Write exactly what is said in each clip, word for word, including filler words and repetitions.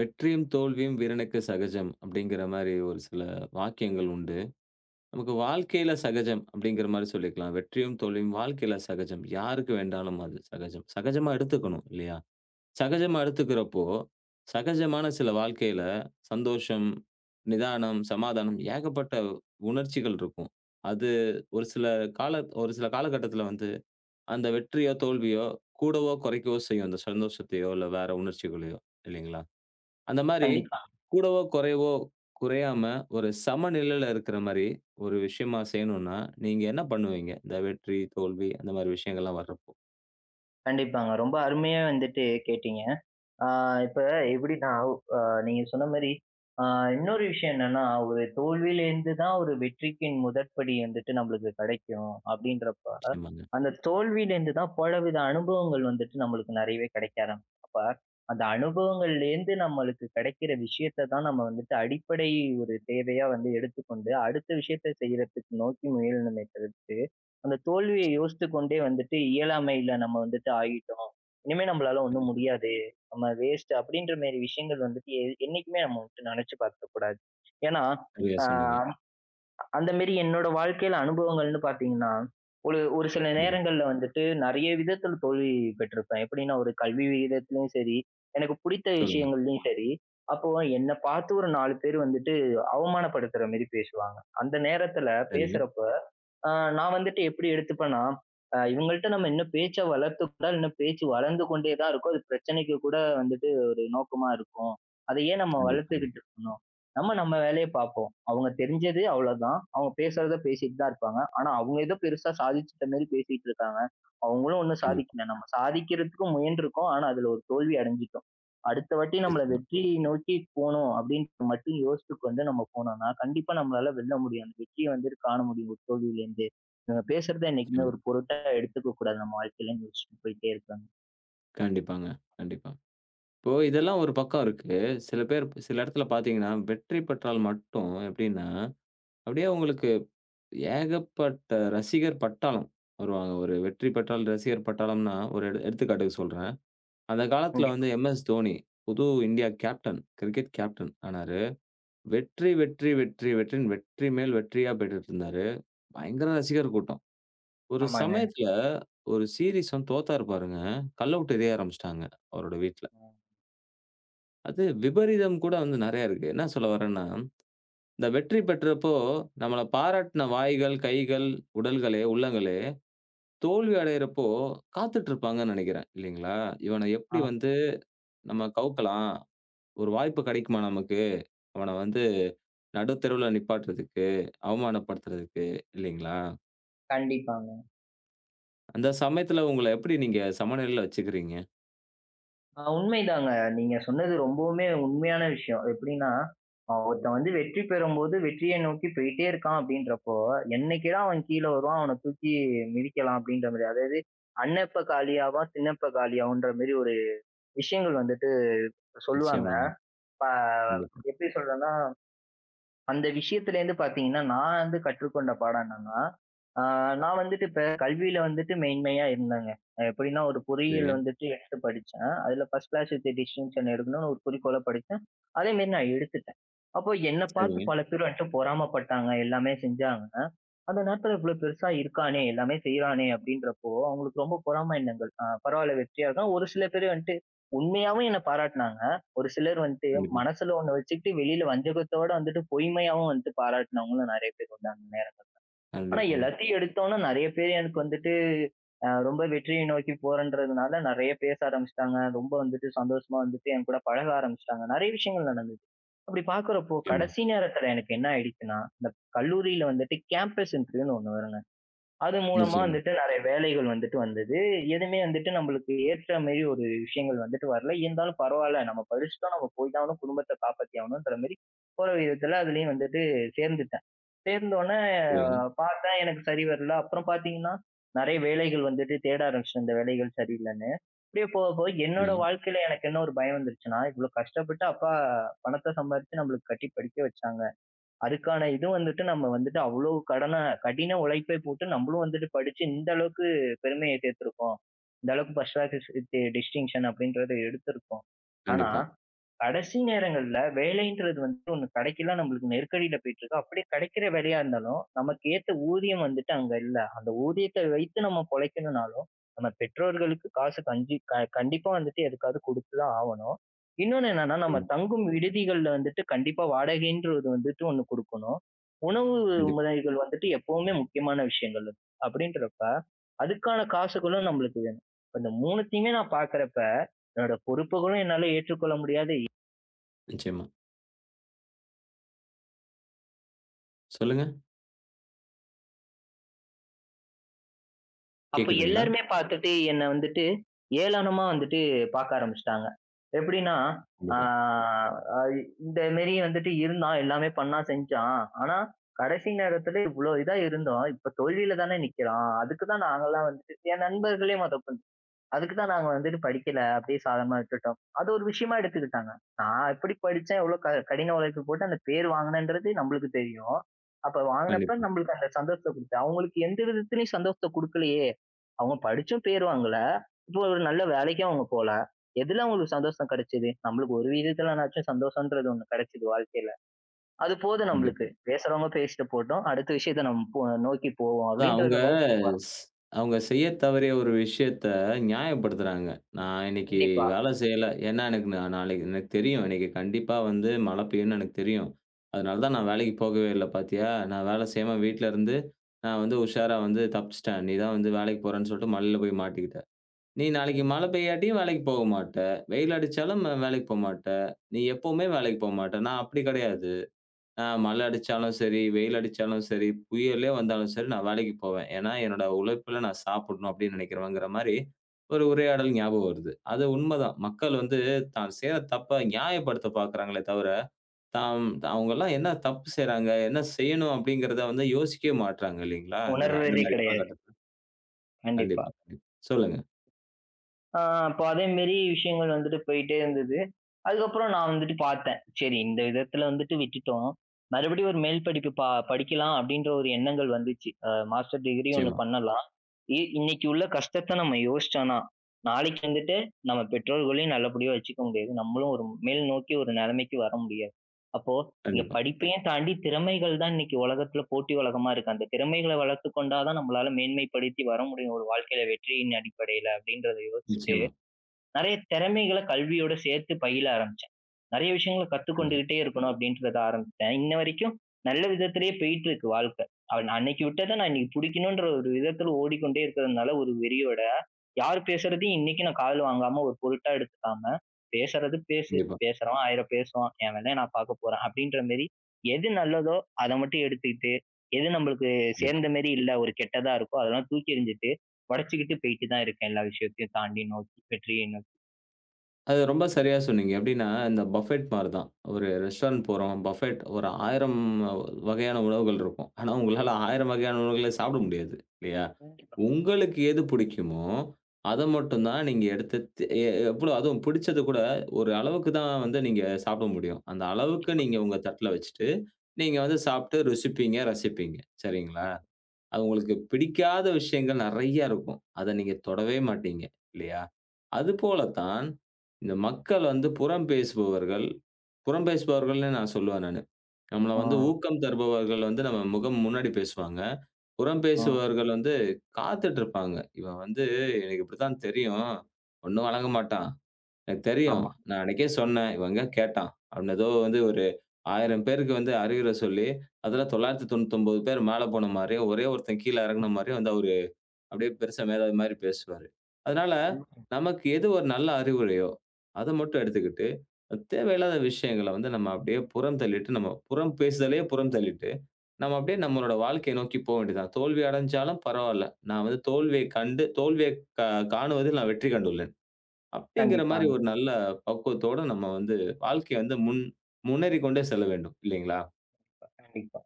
"வெற்றியும், தோல்வியும் வீரனுக்கு சகஜம்" அப்டீங்கிற மாரி ஒரு சில வாக்கியங்கள் உண்டு. நமக்கு வாழ்க்கைல சகஜம் அப்டீங்கிற மாரி சொல்லிக்கலாம். வெற்றியும் தோல்வியும் வாழ்க்கைல சகஜம். யாருக்கு வேண்டாலும் அது சகஜம். சகஜமா எடுத்துக்கணும். இல்லையா? சகஜமா எடுத்துக்கிறப்போ, சகஜமான சில வாழ்க்கைல சந்தோஷம், நிதானம், சமாதானம் ஏகப்பட்ட உணர்ச்சிகள் இருக்கும். அது ஒரு சில கால ஒரு சில காலகட்டத்துல வந்து, அந்த வெற்றியோ, தோல்வியோ, கூடவோ, குறைக்கவோ செய்யும். அந்த சந்தோஷத்தையோ, இல்ல வேற உணர்ச்சிகளயோ, இல்லைங்களா. அந்த மாரி கண்டிப்பா. கூடவோ, குறைவோ குறையாம, ஒரு சமநிலைல இருக்குற மாரி ஒரு விஷயமா செய்யணும்னா, நீங்க என்ன பண்ணுவீங்க? இந்த வெற்றி, தோல்வி அந்த மாரி விஷயங்கள்லாம் வர்றப்போ? கண்டிப்பாங்க. ரொம்ப அருமையா வந்துட்டு கேட்டீங்க. ஆ இப்ப எப்பிடீன்னா? அ நீங்க சொன்ன மாரி ஆ இன்னொரு விஷயம் என்னன்னா, ஒரு தோல்விலேருந்து தான், "ஒரு வெற்றிக்கின் முதற்படி வந்துட்டு நம்பளுக்கு கிடைக்கும்," அப்டீன்றப்ப, நிச்சியமாங்க. அந்த தோல்விலேருந்து தான் பலவித அனுபவங்கள் வந்துட்டு, நம்மளுக்கு நிறையவே கிடைக்க ஆரம்பிக்கும். அப்ப அந்த அனுபவங்கள்லேருந்து நம்மளுக்கு கிடைக்கிற விஷயத்த தான் நம்ம வந்துட்டு, அடிப்படை ஒரு தேவையா வந்து எடுத்துக்கொண்டு, அடுத்த விஷயத்த செய்றதுக்கு நோக்கி முயலனுமே தவிர்த்து, அந்த தோல்விய யோசித்துக் கொண்டே வந்துட்டு இயலாமைல நம்ம வந்துட்டு ஆகிட்டோம். "இனிமே நம்பளால ஒண்ணும் கண்டிப்பா. முடியாது. நம்ம வேஸ்ட்" அப்டீன்ற மேரி விஷயங்கள் வந்துட்டு, எ என்னைக்குமே நம்ம வந்துட்டு நினைச்சு பார்க்கக்கூடாது. ஏன்னா. சரியா, ஆ சொன்னீங்க. அந்த மேரி என்னோட வாழ்க்கைல அனுபவங்கள்ன்னு பார்த்தீங்கன்னா, ஒரு ஒரு சில கண்டிப்பா. நேரங்கள்ல வந்துட்டு நிறைய விதத்தில் தோல்வி பெற்றுருப்பேன். எப்பிடீன்னா ஒரு கல்வி விகிதத்திலேயும் சரி, எனக்கு புடித்த சொல்லுங்க. விஷயங்கள்லயும் சரி அப்போ என்னை பார்த்து ஒரு நாலு பேர் வந்துட்டு அவமானப்படுத்துற மேரி பேசுவாங்க. அந்த நேரத்துல சரி. பேசுறப்போ, நான் வந்துட்டு எப்பிடி எடுத்துப்பேனா, "அ இவங்கள்ட்ட நம்ம இன்னும் பேச்ச வளர்த்து கொண்டால், இன்னும் பேச்சு வளர்ந்து கொண்டே தான் இருக்கும். அது பிரச்சனைக்கு கூட வந்துட்டு, ஒரு நோக்கமா இருக்கும். அது ஏன் நம்ம கண்டிப்பாங்க. வளர்த்துக்கிட்டு இருக்கணும். நம்ம நம்ம வேலைய பாப்போம். அவங்க தெரிஞ்சது அவ்வளோதான். அவங்க பேசுறத பேசிட்டு தான் இருப்பாங்க. ஆனா, அவங்க ஏதோ பெருசா சாதிச்சிட்ட மாரி பேசிட்டு இருக்காங்க. அவங்களும் ஒண்ணும் கண்டிப்பா. சாதிக்கல. நம்ம சாதிக்கிறதுக்கு முயன்றுருக்கோம். ஆனா, அதுல ஒரு தோல்வி அடைஞ்சுட்டோம். அடுத்த வாட்டி நம்மள நிச்சியமா. வெற்றியை நோக்கி போணும் அப்டீன்றது மட்டும் யோசித்து கொண்டு வந்து நம்ம போனோம்னா கண்டிப்பா நம்மளால வெல்ல முடியும். அந்த வெற்றிய வந்துட்டு காண முடியும், ஒரு தோல்விலேருந்தே. இவங்க பேசுறத என்னைக்குமே சரி. ஒரு பொருட்டாவே எடுத்துக்க கூடாது, நம்ம வாழ்க்கைல," யோசிச்சிட்டு போயிட்டே இருப்பேங்க. கண்டிப்பாங்க. கண்டிப்பா. இப்போ இதெல்லாம் ஒரு பக்கம் இருக்கு. சில பேர் ப் சில இடத்தில பார்த்தீங்கன்னா, வெற்றி பெற்றால் மட்டும் எப்பிடின்னா, அப்பிடியே அங்களுக்கு ஏகப்பட்ட ரசிகர் பட்டாளம் வருவாங்க. ஒரு வெற்றி பெற்றால் ரசிகர் பட்டாளம்ன்னா, ஒரு எடு எடுத்துக்காட்டுக்கு சொல்றேன். அந்த காலத்தில [unintelligible] வந்து எம் எஸ் தோனி, புது இந்தியா கேப்டன், கிரிக்கெட் கேப்டன் ஆனாரு. வெற்றி வெற்றி வெற்றி வெற்றியின் வெற்றி மேல் வெற்றியா பெற்றிட்டு இருந்தாரு. பயங்கர ரசிகர் கூட்டம். ஒரு ஆமாங்க. சமயத்தில ஒரு சீரிஸ் வந்து தோத்தாரு, பாருங்க. கல்ல விட்டு எரிய ஆரம்பிச்சிட்டாங்க, அவரோட வீட்ல. ஆ. அது விபரீதம் கூட வந்து நிறைய இருக்கு. என்ன சொல்ல வரேன்னா, இந்த வெற்றி பெற்றப்போ, நம்மள பாராட்டுன வாய்கள், கைகள், உடல்களே, உள்ளங்களே தோல்வி அடையிறப்போ காத்துட்டு இருப்பாங்கன்னு நினைக்கிறேன். இல்லேங்களா! இவன எப்படி ஆ. வந்து நம்ம கவுக்கலாம், ஒரு வாய்ப்பு கிடைக்குமா நமக்கு? அவன வந்து நடுத்தெருவுல நிப்பாட்டுறதுக்கு, அவமானப்படுத்துறதுக்கு. இல்லேங்களா! கண்டிப்பாங்க. அந்த ப சமயத்தில, உங்கள எப்படி நீங்க சமநிலையில வச்சுக்கிறீங்க? ஆ, உண்மைதாங்க. நீங்க சொன்னது ரொம்பவுமே உண்மையான விஷயம். அது எப்பிடின்னா, அ, ஒருத்தன் வந்து வெற்றி பெறும்போது வெற்றிய நோக்கி போயிட்டே இருக்கான் அப்பிடின்றப்போ! என்னைக்கிடா அவன் கீழ வருவான். அவன தூக்கி மிதிக்கலாம், அப்பிடின்றமாரி. அதாவது அண்ணன் எப்ப காலியாவான், திண்ண எப்ப காலியாவுன்றமாரி ஒரு விஷயங்கள் வந்துட்டு சொல்லுவாங்க. நிச்சயமாங்க. இப்ப கண்டிப்பா. எப்பிடி சொல்றன்னா! அந்த விஷயத்திலேருந்து பார்த்தீங்கன்னா, நான் வந்து கற்றுக்கொண்ட பாடம் என்னன்னா? ஆ, நான் வந்துட்டு இப்ப கல்வியில வந்துட்டு மேன்மையா இருந்தேங்க. அ, எப்பிடின்னா, ஒரு பொறியியல் சரிங்க. வந்துட்டு எடுத்து படிச்சேன். அதில ஃபர்ஸ்ட் கிளாஸ் வித் டிஸ்டிங்ஷன் எடுக்கணுன்னு ஒரு குறிக்கோள்ல படிச்சேன். அதேமாரி நான் எடுத்துட்டேன். அப்போ என்ன பார்த்து சரிங்க. பல பேரு என்ட்ட பொறாம பட்டாங்க. எல்லாமே செஞ்சாங்க. அந்த நேரத்தில இவ்ளோ பெருசா இருக்கானே! எல்லாமே செய்றானே! அப்பிடின்றப்போ, அவுங்களுக்கு ரொம்ப பொறாமை எண்ணங்கள். ஆ, பரவால்ல. வெற்றி ஆள் தான். ஒரு சில பேரு வந்துட்டு உண்மையாவும் என்ன பாராட்னாங்க. ஒரு சிலர் வந்ட்டு ம்ஹ்ம். மனசில ஒண்ணு வச்சுக்கிட்டு வெளில வஞ்சகத்தோட வந்துட்டு பொய்மையாவும் வந்துட்டு பாராட்டுனவுங்களும் நிறைய பேர் வந்தாங்க [unintelligible] ஆனா, கண்டிப்பாங்க. எல்லாத்தையும் எடுத்தோன்னா, நிறைய பேரு எனக்கு வந்துட்டு அ, ரொம்ப வெற்றிய நோக்கி போறன்றதுனால நிறைய பேச ஆரம்பிச்சுட்டாங்க. ரொம்ப வந்துட்டு சந்தோஷமா வந்துட்டு என்கூட பழக ஆரம்பிச்சுட்டாங்க. நிறைய விஷயங்கள் நடந்தது. அப்பிடி பார்க்கிறப்போ, நிச்சயமா. கடைசி நேரத்தில எனக்கு என்ன ஆயிடுச்சுன்னா, இந்த கல்லூரில வந்துட்டு கேம்பஸ் இன்டர்வியூன்னு ஒண்ணு வருங்க. அது மூலமா நிச்சயமா. வந்துட்டு நிறைய வேலைகள் வந்துட்டு வந்தது. எதுமே வந்துட்டு நம்மளுக்கு ஏற்றமாரி ஒரு விஷயங்கள் வந்துட்டு வரல. இருந்தாலும் பரவால்ல, நம்ம படிச்சிட்டோம். நம்ம போய் தான் ஆகணும். குடும்பத்த காப்பாத்தி ஆகணுன்ற மாரி போற விதத்தில அதிலேயும் வந்துட்டு சேர்ந்துட்டேன். சேர்ந்தவுனே சரிங்க. பார்த்தேன், எனக்கு சரி வரல. அப்புறம் பார்த்தீங்கன்னா, நிறைய வேலைகள் வந்துட்டு தேட ஆரம்பிச்சுட்டேன், இந்த வேலைகள் சரியில்லன்னு. அப்பிடியே போக, போக என்னோட சரிங்க. வாழ்க்கையில எனக்கு என்ன ஒரு பயம் வந்துருச்சுன்னா, இவ்ளோ கஷ்டப்பட்டு அப்பா பணத்த சம்பாரிச்சு நம்மளுக்கு கட்டி படிக்க வச்சாங்க. அதுக்கான இது வந்துட்டு நம்ம வந்துட்டு அவ்ளோ கடன, கடின உழைப்பை போட்டு நம்மளும் வந்துட்டு படிச்சு இந்த அளவுக்கு பெருமைய சேர்த்துருக்கோம். இந்த அளவுக்கு ஃபர்ஸ்ட் கிளாஸ் வித் டிஸ்டிங்ஷன் அப்பிடின்றத எடுத்திருக்கோம். ஆனா, கண்டிப்பா. கடைசி நேரங்கள்ல வேலைன்றது வந்து ஒண்ணு கிடைக்கல. நம்மளுக்கு நெருக்கடில போயிட்டிருக்கு. அப்பிடியே கிடைக்கிற வேலையா இருந்தாலும், நமக்கு ஏத்த ஊதியம் வந்துட்டு அங்க இல்ல. அந்த ஊதியத்த வைத்து நம்ம பொழைக்கணுனாலும், நம்ம பெற்றோர்களுக்கு காசு, கஞ்சி க கண்டிப்பா வந்துட்டு எதுக்காவது கொடுத்துதான் ஆவணும். இன்னொன்னு என்னன்னா, நம்ம ம். தங்கும் விடுதிகள்ல வந்துட்டு கண்டிப்பா வாடகைன்ற ஒண்ணு வந்துட்டு ஒண்ணு கொடுக்கணும். உணவு கண்டிப்பா. முறைகள் வந்துட்டு எப்பவுமே முக்கியமான விஷயங்கள். அப்பிடின்றப்ப, அதுக்கான காசுகளும் நம்மளுக்கு வேணும். இந்த மூனுத்தையுமே நான் பார்க்கிறப்ப, என்னுடைய பொறுப்புகளும் என்னால ஏற்றுக்கொள்ள முடியாது. இ நிச்சயமா. சொல்லுங்க. அப்ப கேக்குதுங்களா? எல்லாருமே பார்த்துட்டு என்ன வந்துட்டு, ஏளனமா வந்துட்டு பார்க்க ஆரம்பிச்சுட்டாங்க. எப்படின்னா, ஆ கண்டிப்பா. ஐ இந்தமேரி வந்துட்டு இருந்தான், எல்லாமே பண்ணான், செஞ்சான். ஆனா கடைசி நேரத்தில இவ்ளோ இதா இருந்தோம், இப்போ தோல்வியில தானே நிக்கிறான். அதுக்கு தான் நாங்கலாம் வந்து என் நண்பர்களே. [unintelligible] அதுக்கு தான் நாங்க வந்துட்டு படிக்கல அப்படியே சாதாரணமா விட்டுட்டோம். அது ஒரு விஷயமா எடுத்துக்கிட்டாங்க. நான் எப்படி படிச்சேன்? எவ்ளோ க கடின உழைப்பு போட்டு அந்த பேர் வாங்கினேன்றது? நம்மளுக்கு தெரியும். அப்ப வாங்கினப்போ கண்டிப்பா. நம்மளுக்கு அந்த சந்தோஷத்தைகொடுத்து அவங்களுக்கு எந்த விதத்திலயும் சந்தோஷத்தை கொடுக்கலையே? அவங்க படிச்சும் பேர் வாங்கல. இப்போ ஒரு நல்ல வேலைக்கும் அவங்க போல. எதில அவங்களுக்கு சந்தோஷம் கிடைச்சது? நம்மளுக்கு ஒரு விதத்துலனாச்சும் சந்தோஷம்ன்றது ஒண்ணு கிடைச்சிது வாழ்க்கையில. அது போதும் நம்மளுக்கு, கண்டிப்பா. பேசுறவங்க பேசிட்டு போட்டும். அடுத்த விஷயத்த நம் போ நோக்கி போவோம் அதான் அவங்க அப்படின்றத நோக்கி போறான் ஸ் அவங்க செய்ய தவறிய ஒரு விஷயத்த நியாயப்படுத்துறாங்க. நான் இன்னைக்கு கண்டிப்பா. வேலை செய்யல. ஏன்னா எனக்கு நா நாளைக்கு எனக்கு தெரியும் இன்னைக்கு கண்டிப்பாவந்து மழை பெய்யும்னு எனக்கு தெரியும். அதனால தான் நான் வேலைக்குப் போகவே இல்ல, பார்த்தியா! நான் வேலை செய்யாம வீட்ல இருந்து நான் வந்து உஷாரா வந்து தப்பிச்சுட்டேன். நீ தான் வந்து வேலைக்குப் போறேன்னு சொல்லிட்டு மலையில போய் மாட்டிக்கிட்ட. நீ நாளைக்கு கண்டி மழை பெய்யாட்டியும் வேலைக்கு போமாட்ட. வெயில் அடிச்சாலும் வேலைக்கு போகமாட்ட. நீ எப்பவுமே வேலைக்கு போகமாட்டா. நான் அப்படி கிடையாது. ஆ மழை அடிச்சாலும் சரி, வெயில் அடிச்சாலும் சரி, புயலே வந்தாலும் சரி நான் வேலைக்கு போவேன். ஏன்னா, என்னுடைய உழைப்பில நான் சாப்பிடணும் அப்படின்னு நினைக்கிறவங்கற மாரி ஒரு உரையாடல் ஞாபகம் வருது. அது உண்மதான். மக்கள் வந்து தான் செய்ற தப்ப நியாயப்படுத்தப் பாக்கிறாங்களே தவிர, தாம் அவங்க எல்லாம் என்ன தப்பு செய்யறாங்க, என்ன செய்யணும் அப்படிங்கிறதை வந்து யோசிக்கவே மாட்டேங்கிறாங்க இல்லைங்களா? இந்த நா இந்த உணர்வதே மாரி கிடையாது. காலகட்டத்தில. கண்டிப்பா. கண்டிப்பா, கண்டி சொல்லுங்க. ஆ, இப்போ அதேமேரி விஷயங்கள் வந்துட்டு போய்ட்டே இருந்தது. அதுக்கப்புறம் நான் வந்துட்டு பார்த்தேன். சரி இந்த விதத்தில வந்துட்டு விட்டுட்டோம். மறுபடியும் ஒரு மேல் படிப்பு ப படிக்கலாம் அப்படின்ற ஒரு எண்ணங்கள் வந்துச்சு. அ மாஸ்டர் டிகிரி ஒண்ணு நிச்சயமா. பண்ணலாம். இன்னைக்கு உள்ள கஷ்டத்தை நாம் யோசிச்சோம்ன்னா, நாளைக்கு வந்துட்டு நம்ம பெற்றோர்களையும் நல்லபடியா வச்சுக்க முடியாது. நம்மளும் ஒரு மேல்நோக்கி ஒரு நிலைமைக்கு வர முடியாது. அப்போ இந்த கண்டிப்பா. படிப்பையும் தாண்டி திறமைகள் தான் இன்னைக்கு உலகத்தில போட்டி உலகமா இருக்கு. அந்த திறமைகளை வளர்த்துக்கொண்டா தான் நம்மளால மேன்மைப்படுத்தி வர முடியும். ஒரு வாழ்க்கையில வெற்றியின் அடிப்படையில அப்படின்றத யோசிச்சிட்டு, நிச்சயமா. நிறையா திறமைகளை கல்வியோடு சேர்த்து பயில ஆரம்பிச்சேன். நிறைய விஷயங்களை கண்டிப் கத்துக்கொண்டுகிட்டே இருக்கணும் அப்படின்றத ஆரம்பிச்சுட்டேன். இன்ன வரைக்கும் நல்ல விதத்திலேயே பேயிட்டு இருக்கு வாழ்க்கை. நா அன்னைக்கு விட்டத நான் இன்னைக்கு பிடிக்கணுன்ற ஒரு விதத்தில ஓடிக்கொண்டே இருக்கிறதுனால, ஒரு வெறியோட யார் பேசுறதையும் இன்னைக்கு நான் காதுல வாங்காம, ஒரு பொருட்டா எடுத்துக்காம பேசுறது பேசு கண்டிப்பா. பேசுறவன் ஆயிரம் பேசுவான். என் வேலைய நான் பார்க்கபோறேன் அப்படின்ற மாரி, எது நல்லதோ அத மட்டும் எடுத்துக்கிட்டு, எது நம்மளுக்கு கண்டிப்பா. சேர்ந்த மாதிரி இல்ல ஒரு கெட்டதா இருக்கோ, அதெல்லாம் தூக்கி எறிஞ்சிட்டு உடச்சுக்கிட்டு போயிட்டு தான் இருக்கேன். எல்லா விஷயத்தையும் தாண்டி நோக்கி வெற்றியை நோக்கி. அது ரொம்ப சரியா சொன்னீங்க. எப்டீன்னா, இந்த பஃபெட் மாரி தான். ஒரு ரெஸ்டாரண்ட் ம். போறோம், பஃபெட் ஒரு ஆயிரம் வகையான உணவுகள் இருக்கும். ஆனா, உங்களால ஆயிரம் வகையான உணவுகள சாப்பிட முடியாது இல்லயா, கண்டிப்பா. உங்களுக்கு எது பிடிக்குமோ, அத மட்டும் தான் நீங்க எடுத்து தே எ எ எவ்வளோ அதுவும் பிடிச்சத கூட ஒரு அளவுக்கு தான் வந்து நீங்க சாப்பிட முடியும். அந்த அளவுக்கு கண்டிப்பா. நீங்க உங்க தட்ல வச்சிட்டு நீங்க வந்து சாப்பிட்டு ருசிப்பீங்க, ரசிப்பீங்க. சரிங்களா. அது உங்களுக்கு பிடிக்காத விஷயங்கள் நெறைய இருக்கும். அத நீங்க தொடவே மாட்டீங்க இல்லயா? அதுபோல தான், இந்த மக்கள் வந்து புறம் பேசுபவர்கள் புறம் பேசுபவர்கள்னு நான் சொல்லுவேன் நானு. நம்பள வந்து அ. ஊக்கம் தருபவர்கள் வந்து நம்ம முகம் முன்னாடி பேசுவாங்க. புறம் ஆ. பேசுபவர்கள் வந்து காத்துக்கிட்டு இருப்பாங்க. "இவன் வந்து எனக்கு இப்படித்தான் தெரியும். ஒண்ணும் வேளங்க மாட்டான். எனக்கு தெரியும். ஆமா. நான் அன்னைக்கே சொன்னேன். இவன் எங்க கேட்டான்." அவன் ஏதோ வந்து ஒரு ஆயிரம் பேருக்கு வந்து அறிவுரை சொல்லி, அதுல தொள்ளாயிரத்தி தொண்ணூத்தி ஒன்பது பேர் மேல போன மாதிரியும், ஒரே ஒருத்தன் கீழ இறங்குன மாதிரியும் வந்து அவர் அப்படியே பெரிசா மேதாவி மாரி பேசுவாரு. அதுனால, [unintelligible] நமக்கு எது ஒரு நல்ல அறிவுரையோ, அத மட்டும் எடுத்துக்கிட்டு, தேவையில்லாத விஷயங்கள்ல வந்து நம்ப அப்படியே புறம் தள்ளிட்டு, நம்ம புறம் பேசுதலையே புறம் தள்ளிட்டு, நம்ப அப்படியே நம்முடைய வாழ்க்கையை நோக்கி போக வேண்டியது தான். "தோல்வி அடைந்தாலும் பரவாயில்ல. நான் வந்து தோல்வியைக் கண்டு தோல்வியைக் காணுவதில் நான் வெற்றி கண்டுள்ளேன்." அப்டீன்ற மாரி கண்டிப்பாங்க. ஒரு நல்ல பக்குவத்தோடு நம்ம வந்து வாழ்க்கைய வந்து முன் முன்னேறிக் கொண்டே செல்ல வேண்டும். இல்லங்களா? அ. கண்டிப்பா.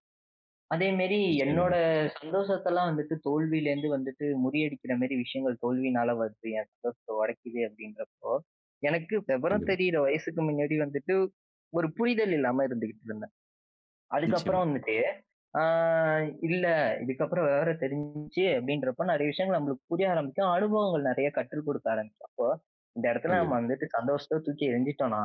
அதேமாரி என்னோட நிச்சயமாங்க. சந்தோஷத்தெல்லாம் வந்துட்டு தோல்வியில இருந்து வந்துட்டு முறியடிக்கிறமாரி விஷயங்கள் தோல்வியினால வருது. என் சந்தோஷத்த உடைக்குது அப்பிடிங்கிறப்போ எனக்கு விவரம் கண்டிப்பா. தெரியிற வயசுக்கு மின்னாடி வந்துட்டு ஒரு புரிதல் இல்லாம இருந்துகிட்டு இருந்தேன். நிச்சயமா. அதுக்கப்புறம் வந்துட்டு ஆ இல்ல இதுக்கப்பறம் விவரம் தெரிஞ்சி அப்பிடின்றப்போ நிறைய விஷயங்கள் நம்மளுக்கு புரிய ஆரம்பிக்கும். அனுபவங்கள் நிறைய கற்றுக் கொடுக்க ஆரம்பிக்கறப்போ இந்த இடத்துல நம்ம கண்டிப்பா. வந்துட்டு சந்தோஷத்த தூக்கி எறிஞ்சுட்டோன்னா,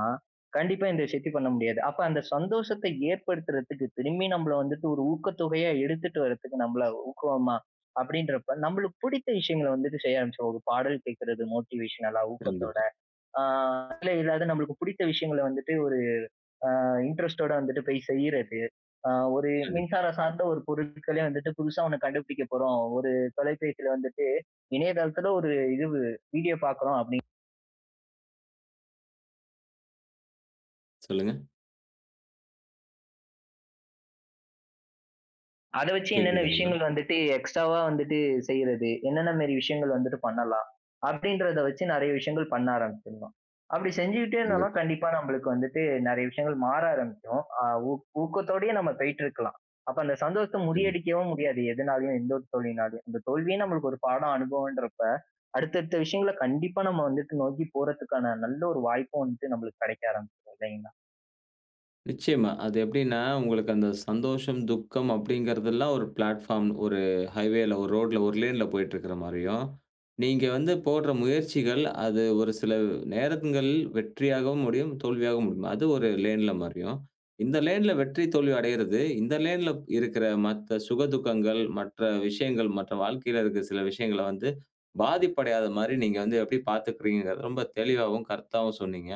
கண்டிப்பா இந்த விஷயத்தையும் பண்ண முடியாது. அப்ப அந்த சந்தோஷத்தை ஏற்படுத்துறதுக்கு திரும்பியும் நம்மள வந்துட்டு ஒரு ஊக்கத்தொகையா எடுத்துட்டு வரதுக்கு நம்மள ஊக்குவோமா அப்படின்றப்ப நம்மளுக்கு பிடித்த விஷயங்கள வந்துட்டு செய்ய ஆரம்பிச்சோம். ஒரு பாடல் கேட்கிறது மோட்டிவேஷன்லா ஊக்கத்தோட. கண்டிப்பா. ஆ. இல்ல இல்லாத நம்மளுக்கு பிடித்த விஷயங்கள வந்துட்டு ஒரு ஆ, இன்ட்ரெஸ்ட்டோட வந்துட்டு போய் செய்றது, ஆ, ஒரு கண்டிப்பா. மின்சாரம் சார்ந்த ஒரு பொருட்களே வந்துட்டு புதுசா ஒண்ணு கண்டுபிடிக்கப் போறோம். ஒரு தொலைபேசியில வந்துட்டு இணையதளத்தில ஒரு இதுவு வீடியோ பார்க்கிறோம் அப்பிடின் சொல்லுங்க. அத வச்சு என்னென்ன கேக்குதுங்களா? விஷயங்கள் வந்துட்டு எக்ஸ்ட்ராவா வந்துட்டு செய்றது. என்னென்ன மாரி விஷயங்கள் வந்துட்டு பண்ணலாம். அப்பிடின்றத வச்சு நிறைய விஷயங்கள் பண்ண ஆரம்பிச்சிர்லாம். அப்படி செஞ்சுகிட்டே இருந்தோன்னா, கண்டிப்பா. கண்டிப்பா நம்மளுக்கு வந்துட்டு நிறைய விஷயங்கள் மாற ஆரம்பிக்கும். அ, ஊக் ஊக்கத்தோடயே நம்ம பேயிட்டு இருக்கலாம். அப்ப அந்த சந்தோஷத்த கண்டிப்பா. முறியடிக்கவும் முடியாது எதுனாலயும், எந்த ஒரு தோல்வியினாலயும். அந்த தோல்வியே நம்மளுக்கு ஒரு பாடம் அனுபவம்ன்றப்ப, அடுத்த, அடுத்த விஷயங்கள்ல கண்டிப்பா நம்ம வந்துட்டு நோக்கி போறதுக்கான நல்ல ஒரு வாய்ப்ப வந்துட்டு நம்மளுக்கு கிடைக்க ஆரம்பிச்சுரும், இல்லேங்களா! நிச்சயமா. அது எப்படின்னா உங்களுக்கு அந்த சந்தோஷம், துக்கம் அப்படிங்கிறதுலாம் ஒரு பிளாட்பார்ம். ஒரு ஹைவே, ஒரு ரோட்டில, ஒரு லேன்ல போய்ட்டு இருக்கிற மாதிரியும், நீங்க வந்து [unintelligible] போடுற முயற்சிகள் அது ஒரு சில நேரங்கள்ல வெற்றியாவும் முடியும், தோல்வியாவும் முடியும். அது ஒரு லேன்ல மாதிரியும், இந்த லேன்ல வெற்றி, தோல்வி அடைவது இந்த லேன்ல இருக்கிற மற்ற சுக துக்கங்கள், மற்ற விஷயங்கள் மற்ற வாழ்க்கையில இருக்கற சில விஷயங்கள வந்து பாதிப்பு அடையாத மாதிரி நீங்க வந்து எப்படி பாத்துக்கிறீங்க? என்பதை ரொம்ப தெளிவாவும், கருத்தாவும் சொன்னீங்க.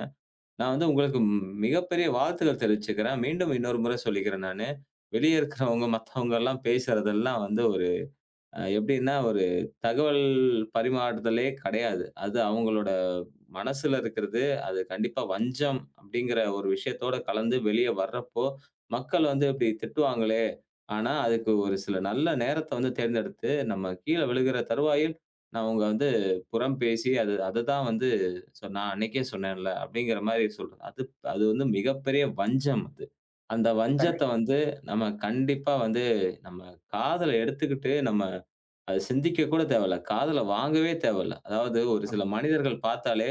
நான் வந்து உங்களுக்கு ம் மிகப்பெரிய வாழ்த்துக்கள் தெரிவிச்சுக்கறேன். மீண்டும் இன்னொரு முறை சொல்லிக்கிறேன் நானு. வெளியில இருக்கிறவங்க, மத்தவங்க எல்லாம் பேசுறது எல்லாம் வந்து ஒரு எப்படின்னா, ஒரு தகவல் பரிமாறுதலே கிடையாது. அது அவங்களோட மனசுல இருக்கிறது, அது கண்டிப்பா வஞ்சம் அப்படிங்கிற ஒரு விஷயத்தோட கலந்து வெளியே வர்றபோது, மக்கள் வந்து இப்படி திட்டுவாங்களே, ஆனா, அதுக்கு ஒரு சில நல்ல நேரத்தை வந்து தேர்ந்தெடுத்து, நம்ம கீழே விழுகிற தருவாயில். அவங்க வந்து புறம் பேசி, "அதுதான் வந்து நான் அன்றைக்கே சொன்னேன்ல." அப்படிங்கற மாரி சொல்றேன். அது அது வந்து மிகப்பெரிய வஞ்சம் அது. அந்த கண்டிப்பா. வஞ்சத்தை வந்து நம்ம கண்டிப்பா வந்து நம்ப காதுல எடுத்துட்டு நம்ம அதை சிந்திக்க கூட தேவையில்ல. காதில வாங்கவே தேவையில்ல. அதாவது ஒரு ஆமா. சில மனிதர்கள் பார்த்தாலே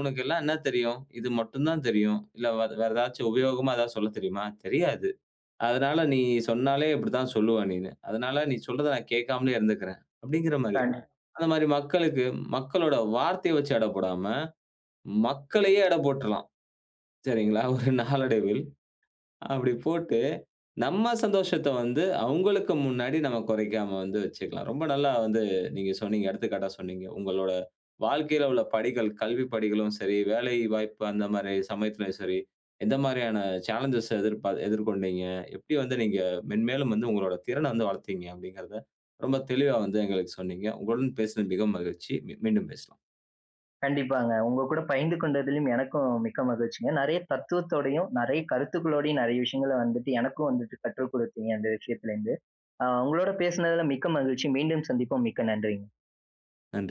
"உனக்கெல்லாம் என்ன தெரியும்? இது மட்டும் தான் தெரியும். இல்ல வேற ஏதாச்சி உபயோகமா ஏதாச்சி சொல்ல தெரியுமா? தெரியாது. அதனால நீ சொன்னாலே இப்படித்தான் சொல்லுவ நீன்னு. அதனால நீ சொல்றதை நான் கேட்காமலே இருந்துக்கறேன்." அப்படிங்கிற மாரி. [unintelligible] அந்த மாதிரி மக்களுக்கு மக்களோட வார்த்தையை வச்சு எடை போடாம, மக்களையே எடை போட்ருலாம். சரிங்களா, ஆமாங்க. ஒரு நாளடைவில. அப்படி போட்டு நம் சந்தோஷத்தை வந்து அவங்களுக்கு முன்னாடி நாம குறைக்காம வந்து வச்சுக்கலாம். ரொம்ப நல்லா வந்து நீங்க சொன்னீங்க, எடுத்துக்காட்டா சொன்னீங்க. உங்களுடைய வாழ்க்கையில உள்ள படிகள், கல்வி படிகளும் சரி, வேலை வாய்ப்பு அந்த மாரி சமயத்திலும் சரி, எந்த மாதிரியான சாலன்ஜ் எதிர் எதிர்கொண்டீங்க. எப்படி வந்து நீங்க மென்மேலும் வந்து உங்களுடைய திறனை வந்து வளர்த்தீங்க அப்படிங்கிறதை ரொம்ப தெளிவா வந்து எங்களுக்கு சொன்னீங்க. உங்களுடன் பேசினது மிகவும் மகிழ்ச்சி. மீண்டும் பேசலாம். கண்டிப்பாங்க. உங்க கூட பகிர்ந்து கொண்டதிலும் எனக்கும் மிக்க மகிழ்ச்சிங்க. நெறைய தத்துவத்தோடையும், நெறைய கருத்துக்களோடையும், நெறைய விஷயங்கள்ல வந்துட்டு எனக்கும் வந்துட்டு கற்று கொடுத்தீங்க. அந்த விஷயத்தில இருந்து அ உங்களோடு பேசியதில் மிக்க மகிழ்ச்சி. மீண்டும் சந்திப்போம். மிக்க நன்றி. நன்றி.